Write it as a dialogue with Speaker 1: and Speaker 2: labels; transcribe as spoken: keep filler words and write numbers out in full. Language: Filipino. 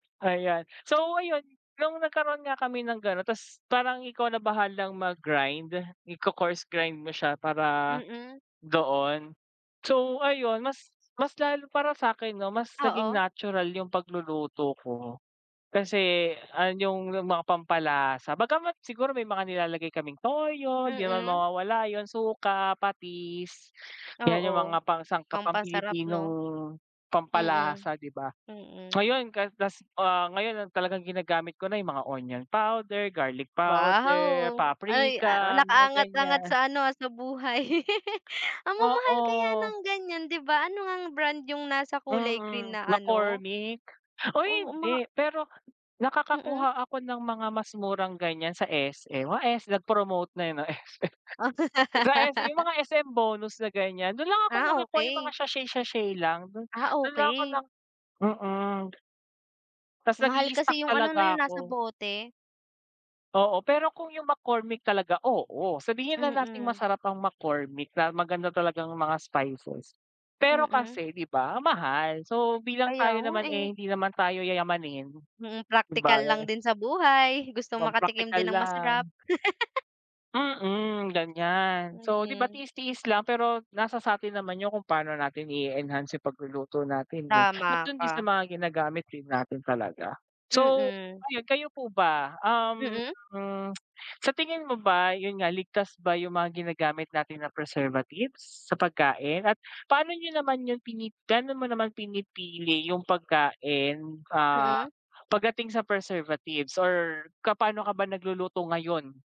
Speaker 1: Ayan, so ayun nung nagkaroon nga kami ng ganun ta's parang ikaw na bahalang mag-grind, iko-course grind mo siya para
Speaker 2: Mm.
Speaker 1: doon. So ayun mas mas lalo para sa 'kin 'no mas naging
Speaker 2: Oo.
Speaker 1: natural 'yung pagluluto ko, kasi an 'yung mga pampalasa. Bagamat siguro may mga nilalagay kaming toyo, di naman
Speaker 2: Mm.
Speaker 1: mawawala 'yun, suka, patis, 'yan 'yung
Speaker 2: Oo,
Speaker 1: mga pangsangkap, pang
Speaker 2: pampasarap 'no.
Speaker 1: Pilipinong
Speaker 2: Mm,
Speaker 1: pampalasa 'di ba.
Speaker 2: mm.
Speaker 1: Ngayon kaltas ah ngayon ang talagang ginagamit ko na 'yung mga onion powder, garlic powder,
Speaker 2: Wow! Ay, ah,
Speaker 1: paprika, mga
Speaker 2: nakaangat-angat
Speaker 1: ganyan.
Speaker 2: sa ano sa buhay. Ang mamahal kaya
Speaker 1: Oo.
Speaker 2: ng ganiyan 'di ba. Ano ngang brand 'yung nasa kulay green
Speaker 1: Mm,
Speaker 2: na ano?
Speaker 1: McCormick. Uy,
Speaker 2: Oo, mga
Speaker 1: hindi pero
Speaker 2: Mm.
Speaker 1: nakakakuha ako ng mga mas murang ganyan sa S-M. Wa, S nag-promote na, eh, 'no S-M Sa S-M, yung mga S-M bonus na ganyan, dun lang ako
Speaker 2: Ah,
Speaker 1: nakakuha yung mga
Speaker 2: okey.
Speaker 1: sachet-sachet lang dun,
Speaker 2: Ah,
Speaker 1: dun lang ako
Speaker 2: okey.
Speaker 1: ng mm. Ta's
Speaker 2: Mahal
Speaker 1: nag-i-stock
Speaker 2: kasi yung ano 'no,
Speaker 1: talaga
Speaker 2: 'yung nasa
Speaker 1: ako.
Speaker 2: bote.
Speaker 1: Oo, pero kung 'yung McCormick talaga, oo. Sabihin na nating
Speaker 2: Mm.
Speaker 1: masarap ang McCormick, na maganda talaga ang mga spices, pero
Speaker 2: Mm.
Speaker 1: kasi 'di ba ang mahal. So, bilang
Speaker 2: Kaya
Speaker 1: tayo
Speaker 2: nga,
Speaker 1: naman, eh,
Speaker 2: eh.
Speaker 1: hindi naman tayo yayamanin,
Speaker 2: Mm,
Speaker 1: di ba.
Speaker 2: praktikal lang din sa buhay. Gusto makatikim
Speaker 1: Magpraktikal
Speaker 2: din ng masarap.
Speaker 1: lang. Mm, ganyan. So 'di ba
Speaker 2: Mhm.
Speaker 1: tiis-tiis, lang pero nasa sa'tin naman 'yung kung paano natin i-enhance 'yung pagluluto natin, eh. At
Speaker 2: Tama
Speaker 1: dun din sa
Speaker 2: ka.
Speaker 1: mga ginagamit din natin talaga. So,
Speaker 2: Mm.
Speaker 1: ayun kayo po ba, um,
Speaker 2: Mm.
Speaker 1: hmm, sa tingin mo ba 'yun nga ligtas ba 'yung mga ginagamit natin na preservatives sa pagkain at paano niyo naman 'yung pini gaano mo naman pinipili 'yung pagkain, ah,
Speaker 2: Mm.
Speaker 1: pagdating sa preservatives or ka pano ka ba nagluluto ngayon?